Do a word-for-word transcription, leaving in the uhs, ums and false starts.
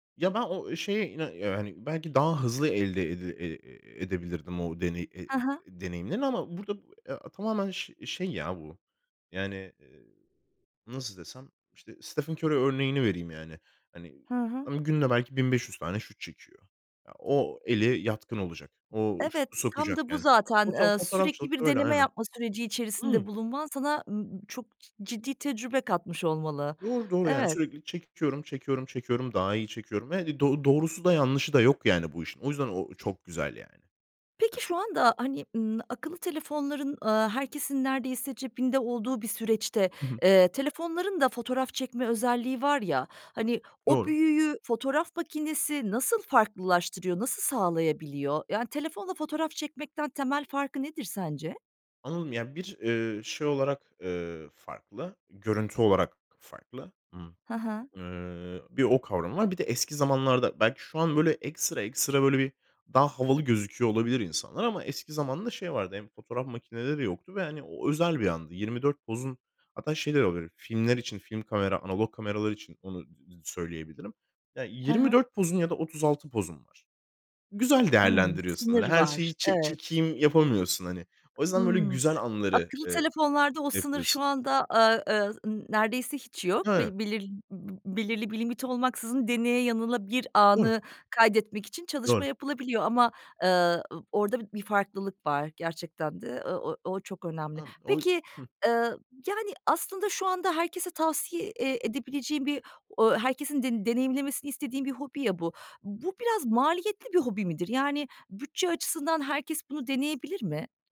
Ya, ben o, eee, şeye, ina ya, hani, belki daha hızlı elde ede eee, edebilirdim o deneyi eee Hı hı. deneyimlerini ama burada, ya, tamamen ş şey ya bu, yani, eee, nasıl desem, işte, Stephen Curry örneğini vereyim, yani. Hani, Hı hı. ımm, günde belki bin beş yüz tane şut çekiyor. Ya, o eli yatkın olacak. O Evet, şutu tam sokacak da bu yani. zaten. Foto Eee, sürekli fotoğrafçılık bir da öyle, deneme aynen. yapma süreci içerisinde Imm bulunman sana, ııı, çok ci ciddi tecrübe katmış olmalı. Doğru, doğru yani Evet. sürekli çekiyorum, çekiyorum, çekiyorum, daha iyi çekiyorum. Ve, hani, do doğrusu da yanlışı da yok yani bu işin. O yüzden o o çok güzel yani. Peki Ya şu anda, hani, ımm, akıllı telefonların, aaa, herkesin neredeyse cebinde olduğu bir süreçte, Hı hı. eee, telefonların da fotoğraf çekme özelliği var ya. Hani, o Doğru. büyüyü fotoğraf makinesi nasıl farklılaştırıyor, nasıl sağlayabiliyor? Yani telefonla fotoğraf çekmekten temel farkı nedir sence? Anladım. Yani, bir, eee, şey olarak, eee, farklı, görüntü olarak farklı. Imm, Ha ha. eee, bir o kavramı var. Bir de eski zamanlarda belki şu an böyle ekstra ekstra böyle bir daha havalı gözüküyor olabilir insanlar ama eski zamanda şey vardı. Hem fotoğraf makineleri yoktu ve, hani, o özel bir andı. yirmi dört pozun hatta şey de olabilir. Filmler için film kamera, analog kameralar için onu söyleyebilirim. Ya, Ha yirmi ha. dört pozun ya da otuz altı pozun var. Güzel Hımm. değerlendiriyorsun, hani, Sınır her var, şeyi ç evet. çekeyim yapamıyorsun, hani. O yüzden böyle Hımm. güzel anları, Akıllı eee, telefonlarda o sınır şu yapıyorsun. anda, aaa, eee, n neredeyse hiç yok. Ha. Bel belir belirli bir limiti olmaksızın, deneye yanıla bir Doğru. anı kaydetmek için çalışma Doğru. yapılabiliyor ama, eee, ı orada bi bir farklılık var gerçekten de, eee, ı o o çok önemli. Anladım. O Peki, Hı. eee, yani, aslında şu anda herkese tavsiye, eee, edebileceğin bir o herkesin den deneyimlemesini istediğin bir hobi ya bu. Bu biraz maliyetli bir hobi midir? Yani bütçe açısından herkes bunu deneyebilir mi?